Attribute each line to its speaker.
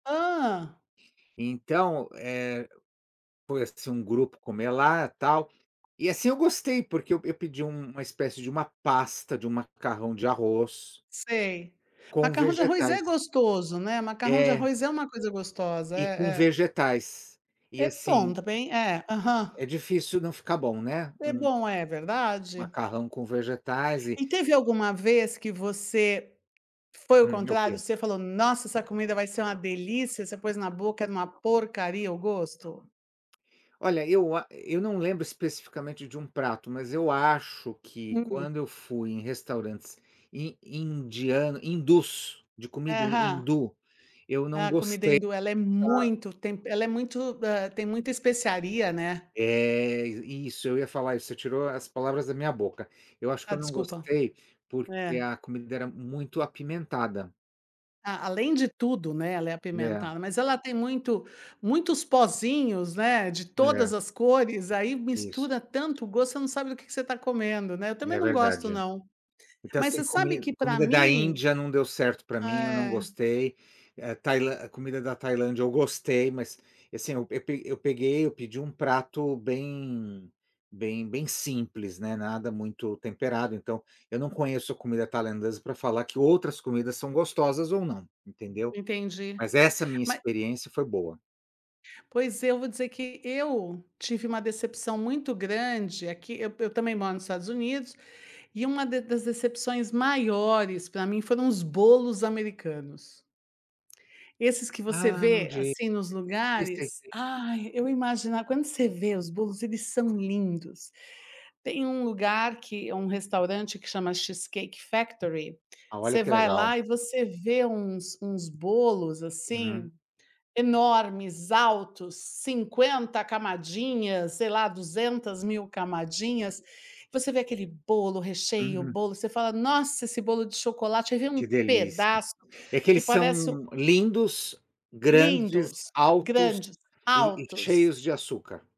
Speaker 1: Hã.
Speaker 2: Então, eh, foi, assim, um grupo comer lá, tal. E, assim, eu gostei, porque eu eu pedi um uma espécie de uma pasta de um macarrão de arroz
Speaker 1: Sei.
Speaker 2: com
Speaker 1: Macarrão de arroz é
Speaker 2: vegetais.
Speaker 1: gostoso, né. Macarrão de
Speaker 2: É.
Speaker 1: arroz é uma coisa gostosa,
Speaker 2: E com
Speaker 1: é é.
Speaker 2: vegetais, e
Speaker 1: É bom
Speaker 2: assim
Speaker 1: também, é, aham.
Speaker 2: é difícil não ficar bom, né,
Speaker 1: É
Speaker 2: um
Speaker 1: bom, é verdade.
Speaker 2: macarrão com vegetais e
Speaker 1: E teve alguma vez que você, foi o
Speaker 2: Hum, o
Speaker 1: contrário,
Speaker 2: que?
Speaker 1: você falou nossa, essa comida vai ser uma delícia, você pôs na boca, era uma porcaria o gosto.
Speaker 2: Olha, eu a eu não lembro especificamente de um prato, mas eu acho que
Speaker 1: Uhum.
Speaker 2: quando eu fui em restaurantes in indiano, hindus, de comida
Speaker 1: Aham.
Speaker 2: hindu, eu
Speaker 1: É,
Speaker 2: não
Speaker 1: a comida
Speaker 2: gostei
Speaker 1: hindu ela é
Speaker 2: da
Speaker 1: muito tempe ela é muito, hã, tem muita especiaria, né.
Speaker 2: É, isso, eu ia falar isso, você tirou as palavras da minha boca. Eu acho que
Speaker 1: Ah,
Speaker 2: eu não
Speaker 1: desculpa
Speaker 2: gostei, porque
Speaker 1: é.
Speaker 2: a comida era muito apimentada.
Speaker 1: A além de tudo, né, ela é
Speaker 2: Né.
Speaker 1: apimentada, mas ela tem muito muitos pozinhos, né, de
Speaker 2: Né.
Speaker 1: todas as cores, aí
Speaker 2: Isso.
Speaker 1: mistura tanto gosto, você não sabe do que que você tá comendo, né. Eu também
Speaker 2: É
Speaker 1: não gosto,
Speaker 2: verdade.
Speaker 1: não,
Speaker 2: Porque,
Speaker 1: mas
Speaker 2: assim,
Speaker 1: você sabe
Speaker 2: comi
Speaker 1: que pra
Speaker 2: comida da
Speaker 1: mim
Speaker 2: Índia não deu certo pra mim, eu não
Speaker 1: é.
Speaker 2: gostei. É, Tailan a comida da Tailândia eu gostei, mas, assim, eu pe eu peguei, eu pedi um prato bem bem bem simples, né. Nada muito temperado, então, eu não conheço a comida tailandesa pra falar que outras comidas são gostosas ou não, entendeu.
Speaker 1: Entendi,
Speaker 2: Mas essa minha
Speaker 1: mas
Speaker 2: experiência foi boa.
Speaker 1: Pois, eu vou dizer que eu tive uma decepção muito grande aqui. Eu eu também moro nos Estados Unidos, e uma de das decepções maiores pra mim foram os bolos americanos esses que você
Speaker 2: Ah, não
Speaker 1: vê,
Speaker 2: diga
Speaker 1: assim, nos
Speaker 2: sei, sei,
Speaker 1: lugares,
Speaker 2: sei.
Speaker 1: ai, eu imagina quando você vê os bolos, eles são lindos. Tem um lugar que um restaurante que chama Cheesecake Factory,
Speaker 2: Ah, olha
Speaker 1: você
Speaker 2: que
Speaker 1: vai
Speaker 2: legal.
Speaker 1: lá e você vê uns uns bolos,
Speaker 2: Uhum.
Speaker 1: assim, enormes, altos, cinquenta camadinhas, sei lá, duzentas mil camadinhas. Você vê aquele bolo, recheio,
Speaker 2: Uhum.
Speaker 1: bolo, você fala: "Nossa, esse bolo de chocolate!". Você vê um
Speaker 2: Que delícia.
Speaker 1: pedaço
Speaker 2: É que
Speaker 1: que
Speaker 2: eles
Speaker 1: parece um
Speaker 2: são lindos, grandes,
Speaker 1: Lindos,
Speaker 2: altos
Speaker 1: grandes,
Speaker 2: e e
Speaker 1: altos.
Speaker 2: cheios de açúcar.